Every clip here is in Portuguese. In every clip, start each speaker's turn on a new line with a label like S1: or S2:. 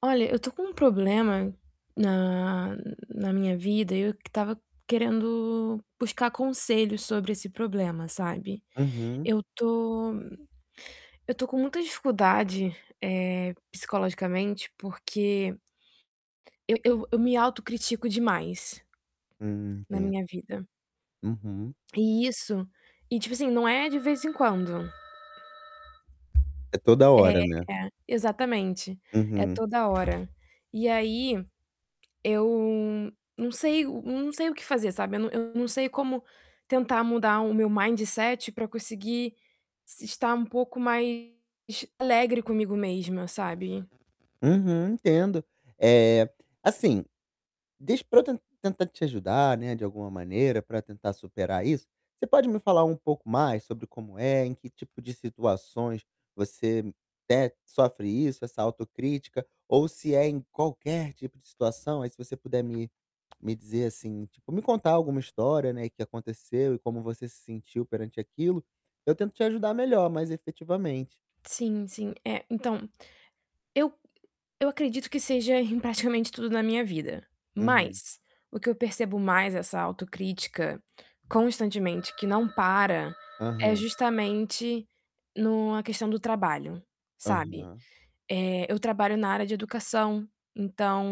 S1: Olha, eu tô com um problema na na minha vida, e eu que estava querendo buscar conselhos sobre esse problema, sabe,
S2: Uhum.
S1: eu tô eu tô com muita dificuldade, eh, psicologicamente, porque eu eu eu me autocritico demais
S2: Hum,
S1: na
S2: entendo.
S1: minha vida.
S2: Uhum.
S1: E isso e tipo assim, não é de vez em quando. É,
S2: É toda hora, né?
S1: é, exatamente, é
S2: Uhum.
S1: toda hora. E aí, eu não sei o hum, não sei o que fazer, sabe, eu num eu não sei como tentar mudar o meu mindset pra conseguir se estar um pouco mais alegre comigo mesma, sabe?
S2: Uhum, entendo. Eh, assim, diz pra eu ten tentar te ajudar, né, de alguma maneira, pra tentar superar isso, você pode me falar um pouco mais sobre como é, em que tipo de situações você té sofre isso, essa autocrítica, ou se é em qualquer tipo de situação. Aí, se você puder me me dizer assim, tipo, me contar alguma história, né, que aconteceu e como você se sentiu perante aquilo, eu tento te ajudar melhor, mais efetivamente.
S1: Sim, sim. É, então, eu eu acredito que seja em praticamente tudo na minha vida,
S2: Uhum.
S1: mas o que eu percebo mais essa autocrítica constantemente, que não para, é
S2: Aham.
S1: justamente no a questão do trabalho, sabe.
S2: Aham.
S1: Eh, eu trabalho na área de educação, então,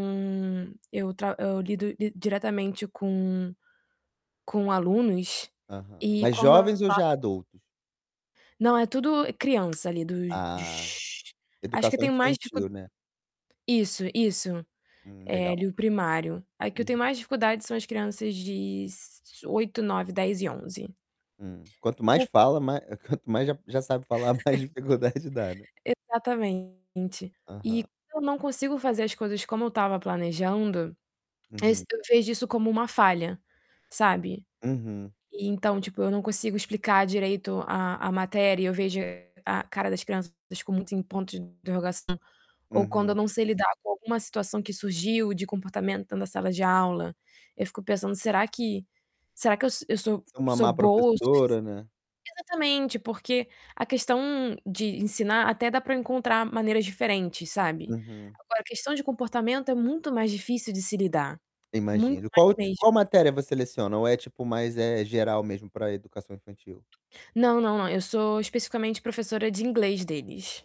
S1: eu tra eu lido di diretamente com com alunos
S2: Aham.
S1: e
S2: Mas
S1: quando
S2: jovens
S1: a
S2: ou já adultos?
S1: Não, é tudo criança, ali,
S2: Ah,
S1: dos acho que
S2: educação
S1: tem mais tipo
S2: infantil, né?
S1: Isso, isso,
S2: Hum,
S1: eh,
S2: legal.
S1: ali o primário. A que eu tenho
S2: Uhum.
S1: mais dificuldade são as crianças de s 8, 9, 10 e 11.
S2: Hum, quanto mais
S1: Por
S2: fala, ma eh, quanto mais já já sabe falar, mais dificuldade dá, né?
S1: Exatamente. E
S2: Aham.
S1: se eu não consigo fazer as coisas como eu estava planejando, es
S2: Uhum.
S1: eu vejo isso como uma falha, sabe.
S2: Uhum.
S1: E então, tipo, eu não consigo explicar direito a a matéria, eu vejo a cara das crianças des com muitos em pontos de interrogação, ou quando eu
S2: Uhum.
S1: não sei lidar com alguma situação que surgiu de comportamento na sala de aula, eu fico pensando: "Será que será que eu sou eu sou
S2: Se é uma
S1: sou
S2: má
S1: boa o sufici".
S2: professora, né?
S1: Exatamente, porque a questão de ensinar, até dá pra encontrar maneiras diferentes, sabe,
S2: Uhum.
S1: agora, a questão de comportamento é muito mais difícil de se lidar,
S2: Eu
S1: muito
S2: imagino.
S1: mais
S2: Qual o ti
S1: mesmo.
S2: qual matéria você leciona? Ou é tipo mais, eh, geral mesmo pra educação infantil?
S1: Não, não, não. Eu sou especificamente professora de inglês deles.